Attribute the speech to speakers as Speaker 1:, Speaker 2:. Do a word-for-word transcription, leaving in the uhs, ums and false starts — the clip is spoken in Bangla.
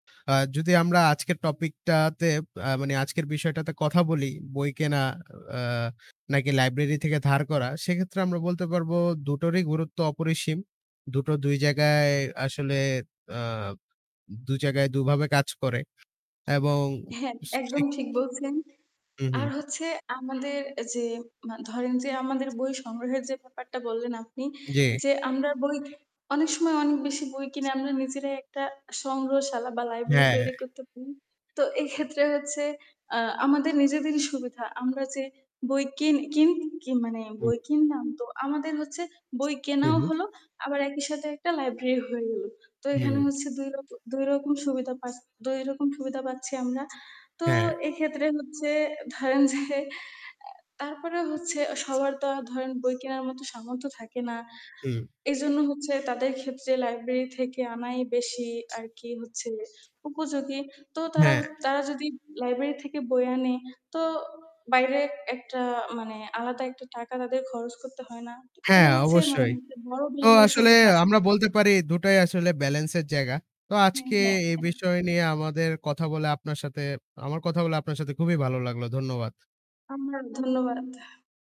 Speaker 1: আ যদি আমরা আজকের টপিকটাতে আ মানে আজকের বিষয়টাতে কথা বলি, বই কেনা আ নাকি লাইব্রেরি থেকে ধার করা, সেক্ষেত্রে আমরা বলতে পারবো দুটোরই গুরুত্ব অপরিসীম। দুটো দুই জায়গায় আসলে আ দু জায়গায় দুভাবে কাজ করে। এবং
Speaker 2: হ্যাঁ, একদম
Speaker 1: [unintelligible]
Speaker 2: ঠিক বলছেন।
Speaker 1: হু,
Speaker 2: আর
Speaker 1: হু।
Speaker 2: হচ্ছে আমাদের যে মা ধরেন যে আমাদের বই সংগ্রহের যে ব্যাপারটা বললেন আপনি
Speaker 1: জি।
Speaker 2: যে, আমরা বই অনেক সময় অনেক বেশি বই কিনে আমরা নিজেরাই একটা সংগ্রহশালা বা লাইব্রেরি
Speaker 1: হ্যাঁ, হ্যাঁ।
Speaker 2: তৈরি করতে পাড়ি তো এক্ষেত্রে হচ্ছে আ আমাদের নিজেদেরই সুবিধা আমরা যে বই কিন কিন কি মানে
Speaker 1: হুম।
Speaker 2: বই কিনলাম তো আমাদের হচ্ছে বই
Speaker 1: হু,
Speaker 2: কেনাও
Speaker 1: হু।
Speaker 2: হল আবার একই সাথে একটা লাইব্রেরি হয়ে গেলো। তো এখানে
Speaker 1: হুম।
Speaker 2: হচ্ছে দুই রক দুই রকম সুবিধা পাছ দুই রকম সুবিধা পাচ্ছি আমরা, তো
Speaker 1: হ্যাঁ।
Speaker 2: এক্ষেত্রে হচ্ছে ধরেন যে আ তারপরে হচ্ছে সবার তো আর ধরেন বই কেনার মতো সামর্থ্য থাকে না।
Speaker 1: হুম।
Speaker 2: এইজন্য হচ্ছে তাদের ক্ষেত্রে লাইব্রেরি থেকে আনাই বেশি আর কি হচ্ছে উপযোগী। তো তারা হ
Speaker 1: হ্যাঁ।
Speaker 2: তারা যদি লাইব্রেরি থেকে বই আনে তো বাইরে একটা মানে আলাদা একটা টাকা তাদের খরচ করতে হয় না। এটা
Speaker 1: হ্যাঁ
Speaker 2: হচ্ছে মানে
Speaker 1: অবশ্যই।
Speaker 2: [unintelligible] বড়
Speaker 1: তো
Speaker 2: ধরনের
Speaker 1: আসলে
Speaker 2: সুবিধা
Speaker 1: আমরা বলতে পারি দুটাই আসলে বেলেন্স এর জায়গা। তো
Speaker 2: হ্যা,
Speaker 1: আজকে
Speaker 2: হ্যা।
Speaker 1: এই
Speaker 2: অ্যা
Speaker 1: বিষয় নিয়ে আমাদের কথা বলে, আপনার সাথে আমার কথা বলে আপনার সাথে খুবই ভালো লাগলো। ধন্যবাদ।
Speaker 2: আমরা ধন্যবাদ।